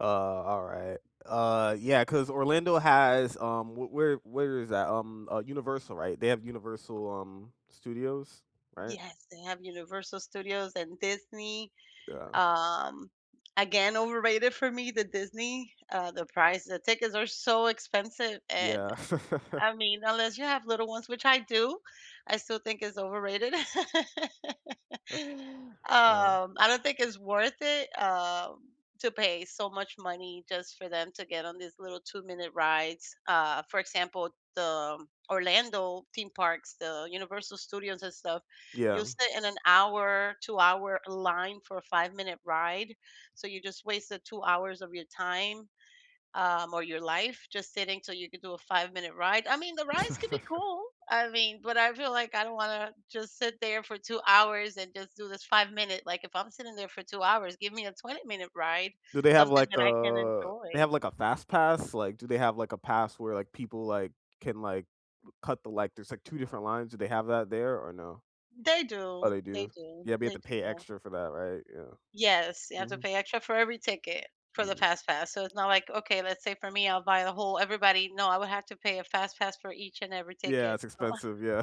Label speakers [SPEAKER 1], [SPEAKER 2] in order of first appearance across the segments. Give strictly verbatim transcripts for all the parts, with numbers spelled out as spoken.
[SPEAKER 1] Uh, alright. Uh, yeah, 'cause Orlando has, um, w where where is that? Um, uh, Universal, right? They have Universal, um, Studios, right?
[SPEAKER 2] Yes, they have Universal Studios and Disney.
[SPEAKER 1] Yeah.
[SPEAKER 2] Um, again, overrated for me, the Disney. Uh, the price, the tickets are so expensive, and
[SPEAKER 1] Yeah.
[SPEAKER 2] I mean, unless you have little ones, which I do, I still think it's overrated.
[SPEAKER 1] Uh-huh.
[SPEAKER 2] Um, I don't think it's worth it, um, to pay so much money just for them to get on these little two-minute rides. Uh, for example, the Orlando theme parks, the Universal Studios and stuff,
[SPEAKER 1] Yeah.
[SPEAKER 2] you'll sit in an hour, two-hour line for a five-minute ride. So you just wasted two hours of your time, um, or your life just sitting till you could do a five-minute ride. I mean, the rides could be cool. I mean, but I feel like I don't wanna just sit there for two hours and just do this five-minute like, if I'm sitting there for two hours, give me a twenty-minute ride,
[SPEAKER 1] Do they have,
[SPEAKER 2] something
[SPEAKER 1] like,
[SPEAKER 2] that I can
[SPEAKER 1] a they
[SPEAKER 2] enjoy.
[SPEAKER 1] have, like, a fast pass? Like, do they have, like, a pass where, like, people, like, can, like, cut the li There's, like, two different lines. Do they have that there or no?
[SPEAKER 2] They
[SPEAKER 1] Oh,
[SPEAKER 2] do,
[SPEAKER 1] they
[SPEAKER 2] they
[SPEAKER 1] do?
[SPEAKER 2] do,
[SPEAKER 1] Yeah, but have
[SPEAKER 2] they
[SPEAKER 1] to
[SPEAKER 2] do.
[SPEAKER 1] pay
[SPEAKER 2] Yeah.
[SPEAKER 1] extra for that, right? Yeah.
[SPEAKER 2] Yes. You have to
[SPEAKER 1] Mhm.
[SPEAKER 2] pay extra for every ticket for the
[SPEAKER 1] Mm.
[SPEAKER 2] FastPass. So it's not, like, okay, let's say for me, I'll buy the whole everybody no. I would have to pay a FastPass for each and every
[SPEAKER 1] Yeah,
[SPEAKER 2] ticket.
[SPEAKER 1] it's
[SPEAKER 2] So
[SPEAKER 1] expensive. Yeah.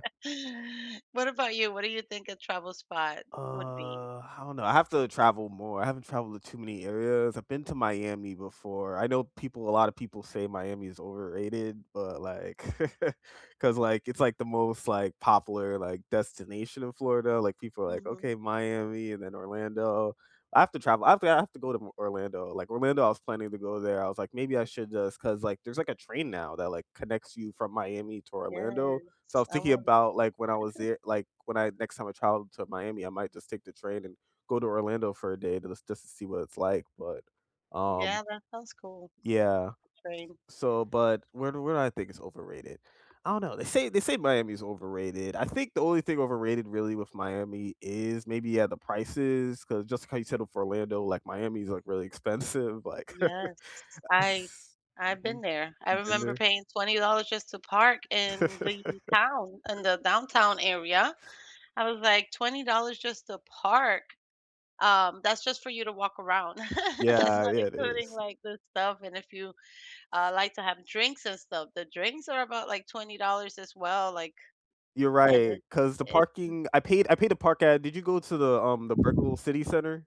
[SPEAKER 2] What about you? What do you think a travel spot would be?
[SPEAKER 1] Uh, I don't know. I have to travel more. I haven't traveled to too many areas. I've been to Miami before. I know people a lotta people say Miami is overrated, but, like 'cause, like, it's, like, the most, like, popular, like, destination in Florida. Like, people are, like,
[SPEAKER 2] Mhm.
[SPEAKER 1] "Okay, Miami and then Orlando." I have to travel I have to I have to go to Orlando. Like, Orlando, I was planning to go there. I was like, maybe I should just 'cause, like, there's, like, a train now that, like, connects you from Miami to Orlando. So I
[SPEAKER 2] Yes,
[SPEAKER 1] was
[SPEAKER 2] I
[SPEAKER 1] thinking
[SPEAKER 2] want
[SPEAKER 1] about, like, when I was there, like, when I next time I travel to Miami, I might just take the train and go to Orlando for a day to just just to see what it's like, but,
[SPEAKER 2] Yeah,
[SPEAKER 1] um,
[SPEAKER 2] that sounds cool.
[SPEAKER 1] yeah.
[SPEAKER 2] Same.
[SPEAKER 1] So, but where do where do I think it's overrated? I don't know. They say they say Miami's overrated. I think the only thing overrated really with Miami is maybe, yeah, the prices, 'cause just how you settle for Orlando, like, Miami is, like, really expensive, like
[SPEAKER 2] Yes.
[SPEAKER 1] Ah
[SPEAKER 2] I
[SPEAKER 1] s
[SPEAKER 2] I've been
[SPEAKER 1] mhm,
[SPEAKER 2] there. I
[SPEAKER 1] you been
[SPEAKER 2] remember
[SPEAKER 1] there?
[SPEAKER 2] paying twenty dollars just to park in the town, in the downtown area. I was, like, "twenty dollars just to park?" Um, that's just for you to walk around. That's
[SPEAKER 1] Yeah,
[SPEAKER 2] not
[SPEAKER 1] yeah, it
[SPEAKER 2] including,
[SPEAKER 1] is.
[SPEAKER 2] like, the stuff, and if you, uh, like to have drinks and stuff, the drinks are about like twenty dollars as well. Like,
[SPEAKER 1] You're
[SPEAKER 2] and
[SPEAKER 1] right,
[SPEAKER 2] it
[SPEAKER 1] 'cause the
[SPEAKER 2] it's
[SPEAKER 1] parking, I paid I paid the park at did you go to the, um, the Brickell City Centre?